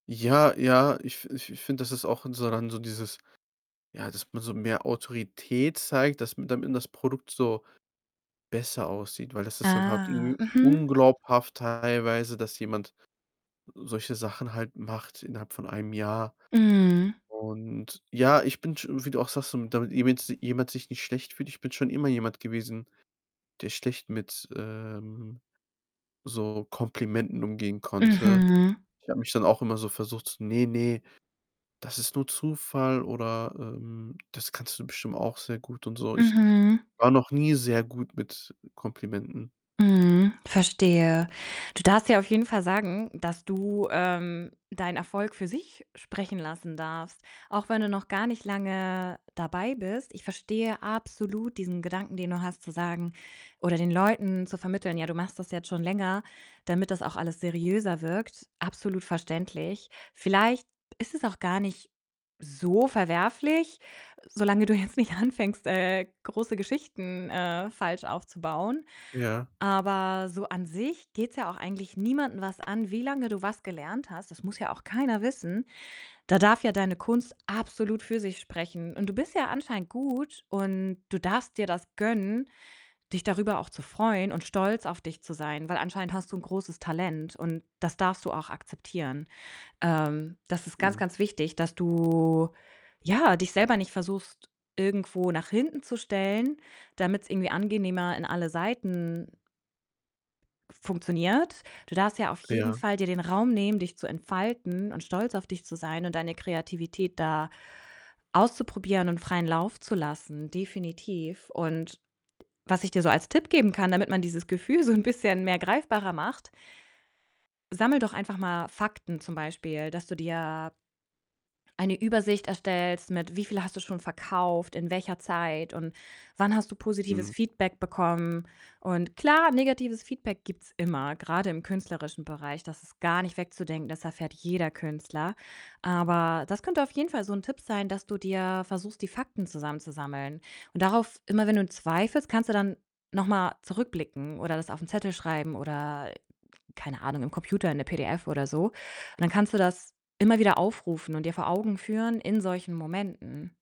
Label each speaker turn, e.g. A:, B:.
A: Ja, ja, ich f ich f finde, das ist auch so dann so dieses, ja, dass man so mehr Autorität zeigt, dass m damit das Produkt so besser aussieht, weil das ist dann halt
B: Ah,
A: irgendwie
B: mhm.
A: unglaubhaft teilweise, dass jemand solche Sachen halt macht innerhalb von 1 Jahr.
B: Mhm.
A: Und ja, ich bin sch wie du auch sagst, so damit jemand jemand sich nicht schlecht fühlt. Ich bin schon immer jemand gewesen, der schlecht mit, ähm, so Komplimenten umgehen konnte.
B: Mhm.
A: Ich habe mich dann auch immer so versucht so: „Ne, ne, das ist nur Zufall“, oder, ähm: „Das kannst du bestimmt auch sehr gut“, und so. Ich
B: Mhm.
A: war noch nie sehr gut mit Komplimenten.
B: Mhm, verstehe. Du darfst dir auf jeden Fall sagen, dass du, ähm, deinen Erfolg für sich sprechen lassen darfst, auch wenn du noch gar nicht lange dabei bist. Ich verstehe absolut diesen Gedanken, den du hast, zu sagen oder den Leuten zu vermitteln, ja, du machst das jetzt schon länger, damit das auch alles seriöser wirkt. Absolut verständlich. Vielleicht ist es auch gar nicht so verwerflich, solange du jetzt nicht anfängst, äh, große Geschichten, äh, falsch aufzubauen.
A: Ja.
B: Aber so an sich geht's ja auch eigentlich niemanden was an, wie lange du was gelernt hast. Das muss ja auch keiner wissen. Da darf ja deine Kunst absolut für sich sprechen, und du bist ja anscheinend gut, und du darfst dir das gönnen, dich darüber auch zu freuen und stolz auf dich zu sein, weil anscheinend hast du 'n großes Talent, und das darfst du auch akzeptieren. Ähm, das ist ganz,
A: Mhm.
B: ganz wichtig, dass du, ja, dich selber nicht versuchst, irgendwo nach hinten zu stellen, damit's irgendwie angenehmer in alle Seiten funktioniert. Du darfst ja auf jeden
A: Ja.
B: Fall dir den Raum nehmen, dich zu entfalten und stolz auf dich zu sein und deine Kreativität da auszuprobieren und freien Lauf zu lassen. Definitiv. Und was ich dir so als Tipp geben kann, damit man dieses Gefühl so 'n bisschen mehr greifbarer macht: Sammle doch einfach mal Fakten, zum Beispiel, dass du dir eine Übersicht erstellst mit: wie viel hast du schon verkauft, in welcher Zeit und wann hast du positives
A: Mhm.
B: Feedback bekommen. Und klar, negatives Feedback gibt's immer, grade im künstlerischen Bereich. Das ist gar nicht wegzudenken, das erfährt jeder Künstler. Aber das könnte auf jeden Fall so 'n Tipp sein, dass du dir versuchst, die Fakten zusammenzusammeln. Und darauf immer wenn du zweifelst, kannst du dann noch mal zurückblicken oder das auf 'n Zettel schreiben oder, keine Ahnung, im Computer in 'ne PDF oder so. Und dann kannst du das immer wieder aufrufen und dir vor Augen führen in solchen Momenten.